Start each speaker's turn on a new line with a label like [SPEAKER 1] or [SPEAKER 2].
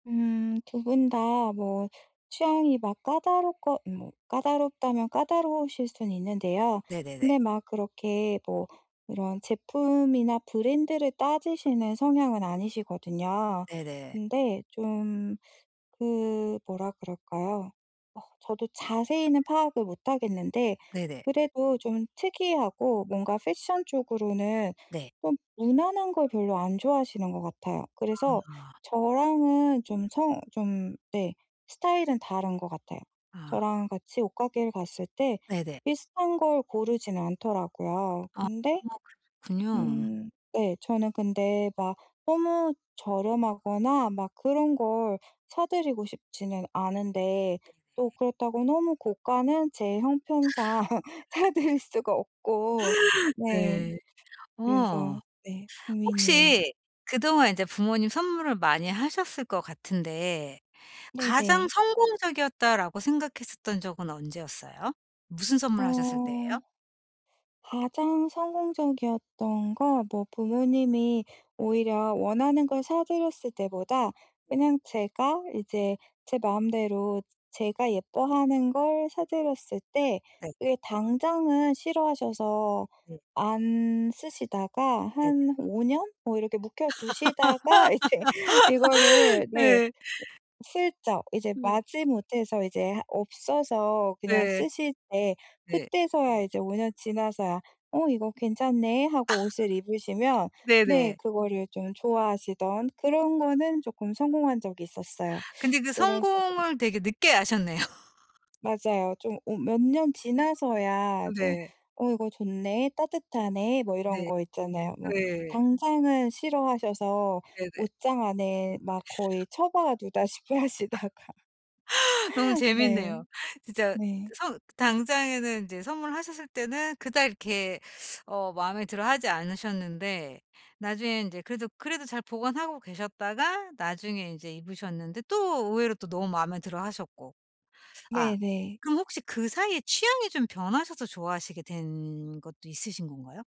[SPEAKER 1] 음 두 분 다 뭐 취향이 막 까다롭고 뭐 까다롭다면 까다로우실 수는 있는데요.
[SPEAKER 2] 네네네.
[SPEAKER 1] 근데 막 그렇게 뭐 이런 제품이나 브랜드를 따지시는 성향은 아니시거든요.
[SPEAKER 2] 네네.
[SPEAKER 1] 근데 좀 그 뭐라 그럴까요? 어 저도 자세히는 파악을 못 하겠는데
[SPEAKER 2] 네네.
[SPEAKER 1] 그래도 좀 특이하고 뭔가 패션 쪽으로는
[SPEAKER 2] 네.
[SPEAKER 1] 좀 무난한 걸 별로 안 좋아하시는 것 같아요. 그래서
[SPEAKER 2] 아.
[SPEAKER 1] 저랑은 좀 성 좀 네 스타일은 다른 것 같아요.
[SPEAKER 2] 아.
[SPEAKER 1] 저랑 같이 옷가게를 갔을 때
[SPEAKER 2] 네네.
[SPEAKER 1] 비슷한 걸 고르진 않더라고요.
[SPEAKER 2] 아
[SPEAKER 1] 근데
[SPEAKER 2] 그렇군요.
[SPEAKER 1] 음 네 저는 근데 막 너무 저렴하거나 막 그런 걸 사 드리고 싶지는 않은데 또
[SPEAKER 2] 네네.
[SPEAKER 1] 그렇다고 너무 고가는 제 형편상 사 드릴 수가 없고. 네.
[SPEAKER 2] 네. 어
[SPEAKER 1] 그래서 네 고민이에요.
[SPEAKER 2] 혹시 그동안 이제 부모님 선물을 많이 하셨을 것 같은데 '가장
[SPEAKER 1] 네네.
[SPEAKER 2] 성공적이었다.'라고 생각했었던 적은 언제였어요? 무슨
[SPEAKER 1] 어
[SPEAKER 2] 선물을 하셨을 때예요?
[SPEAKER 1] 가장 성공적이었던 건 뭐 부모님이 오히려 원하는 걸 사 드렸을 때보다 그냥 제가 이제 제 마음대로 제가 예뻐하는 걸 사 드렸을 때
[SPEAKER 2] 네.
[SPEAKER 1] 그게 당장은 싫어하셔서
[SPEAKER 2] 네.
[SPEAKER 1] 안 쓰시다가
[SPEAKER 2] 네네.
[SPEAKER 1] 한 5 년? 뭐 이렇게 묵혀 두시다가 이제 이거를 네
[SPEAKER 2] 네.
[SPEAKER 1] 슬쩍 이제
[SPEAKER 2] 네.
[SPEAKER 1] 마지 못해서 이제 하 없어서 그냥
[SPEAKER 2] 네.
[SPEAKER 1] 쓰실 때
[SPEAKER 2] 네.
[SPEAKER 1] 그때서야 이제 5 년 지나서야 "어 이거 괜찮네."하고 옷을 입으시면 네.
[SPEAKER 2] 네네.
[SPEAKER 1] 그거를 좀 좋아하시던 그런 거는 쪼끔 성공한 적이 있었어요
[SPEAKER 2] 근데 그
[SPEAKER 1] 그런 식으로.
[SPEAKER 2] 성공을 되게 늦게 하셨네요.
[SPEAKER 1] 맞아요. 좀 오 몇 년 지나서야 좀
[SPEAKER 2] 네.
[SPEAKER 1] "어? 이거 좋네. 따뜻하네." 뭐 이런
[SPEAKER 2] 네.
[SPEAKER 1] 거 있잖아요. 뭐
[SPEAKER 2] 네.
[SPEAKER 1] 당장은 싫어하셔서
[SPEAKER 2] 네네.
[SPEAKER 1] 옷장 안에 막 거의 처박아 두다시피 하시다가.
[SPEAKER 2] 너무
[SPEAKER 1] 네.
[SPEAKER 2] 재밌네요. 진짜
[SPEAKER 1] 네.
[SPEAKER 2] 선 당장에는 인제 선물하셨을 때는 그닥 이렇게 어 마음에 들어 하지 않으셨는데 나중에 인제 그래도 그래도 잘 보관하고 계셨다가 나중에 인제 입으셨는데 또 의외로 또 너무 마음에 들어 하셨고. 아
[SPEAKER 1] 네네.
[SPEAKER 2] 그럼 혹시 그 사이에 취향이 좀 변하셔서 좋아하시게 된 것도 있으신 건가요?